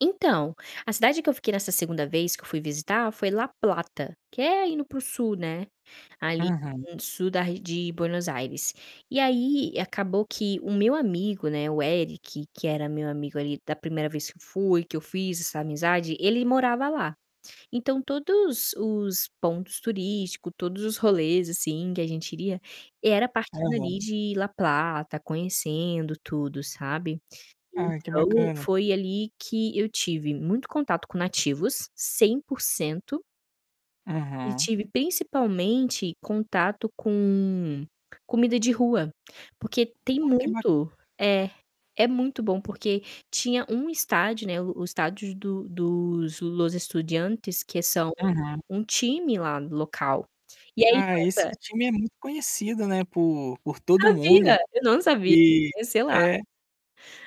Então, a cidade que eu fiquei nessa segunda vez que eu fui visitar foi La Plata, que é indo para o sul, né, ali Aham. sul da ar de Buenos Aires. E aí, acabou que o meu amigo né, o Eric, que era meu amigo ali da primeira vez fui, que eu fiz essa amizade, ele morava lá. Então todos os pontos turístico, todos os rolês assim que a gente iria, era partindo ali Aham. de La Plata, conhecendo tudo, sabe. Ah, que Então bacana. foi ali que eu tive muito contato com nativos, 100%. E Uhum. tive principalmente contato com comida de rua, porque tem Ah, que bacana. muito é. É muito bom porque tinha um estádio, né, o o estádio do dos Los Estudiantes que são Aham. um time lá do local, e aí, Ah, esse nossa time é muito conhecido, [unintelligible] né, por por todo Sabia! mundo. Eu não sabia, E sei lá. é.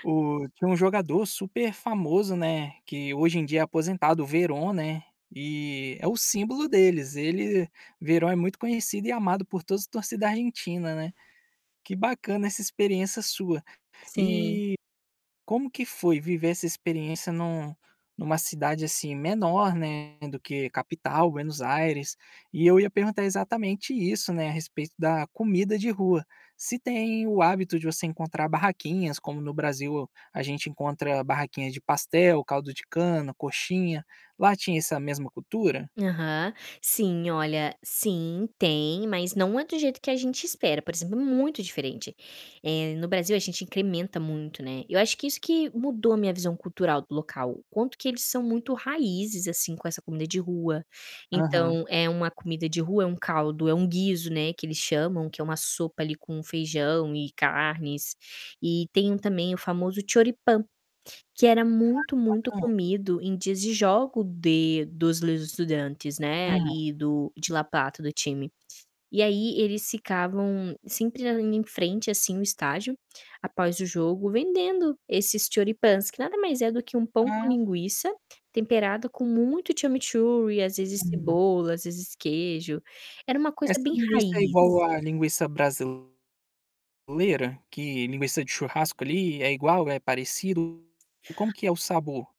O tinha um jogador super famoso, né, que hoje em dia é aposentado, o Veron, né, e é o símbolo deles. Ele Veron é muito conhecido e amado por todos os torcida Argentina, né. Que bacana essa experiência sua. Sim. E como que foi viver essa experiência em um em uma cidade assim menor, né, do que capital, Buenos Aires? E eu ia perguntar exatamente isso, né, a respeito da comida de rua. Se tem o hábito de você encontrar barraquinhas, como no Brasil a gente encontra barraquinhas de pastel, caldo de cana, coxinha. Lá tinha essa mesma cultura? Aham. Sim, olha, sim, tem, mas não é do jeito que a gente espera, por exemplo, é muito diferente. Eh, no Brasil a gente incrementa muito, né. Eu acho que isso que mudou a minha visão cultural do local, o quanto que eles são muito raízes, assim, com essa comida de rua. Aham. Então, eh, uma comida de rua é uma caldo, é um guizo, né, que eles chamam, que é uma sopa ali com feijão e carnes. E tem também o famoso Choripan que era Ah, muito, que cabana. muito comido em dias de jogos de dos Los Estudiantes, né, Uhum. ali do de La Plata, do time. E aí eles ficavam sempre andando em frente assim o estágio, após o jogo, vendendo esses Choripans, que nada mais é do que um pão com Ah. linguiça temperado com muito chimichurri e às vezes Uhum. cebola, às vezes queijo. Era uma coisa Essa bem linguiça é raiz. igual à linguiça brasileira? Que linguiça de churrasco ali é igual, é parecido? Como que é o sabor?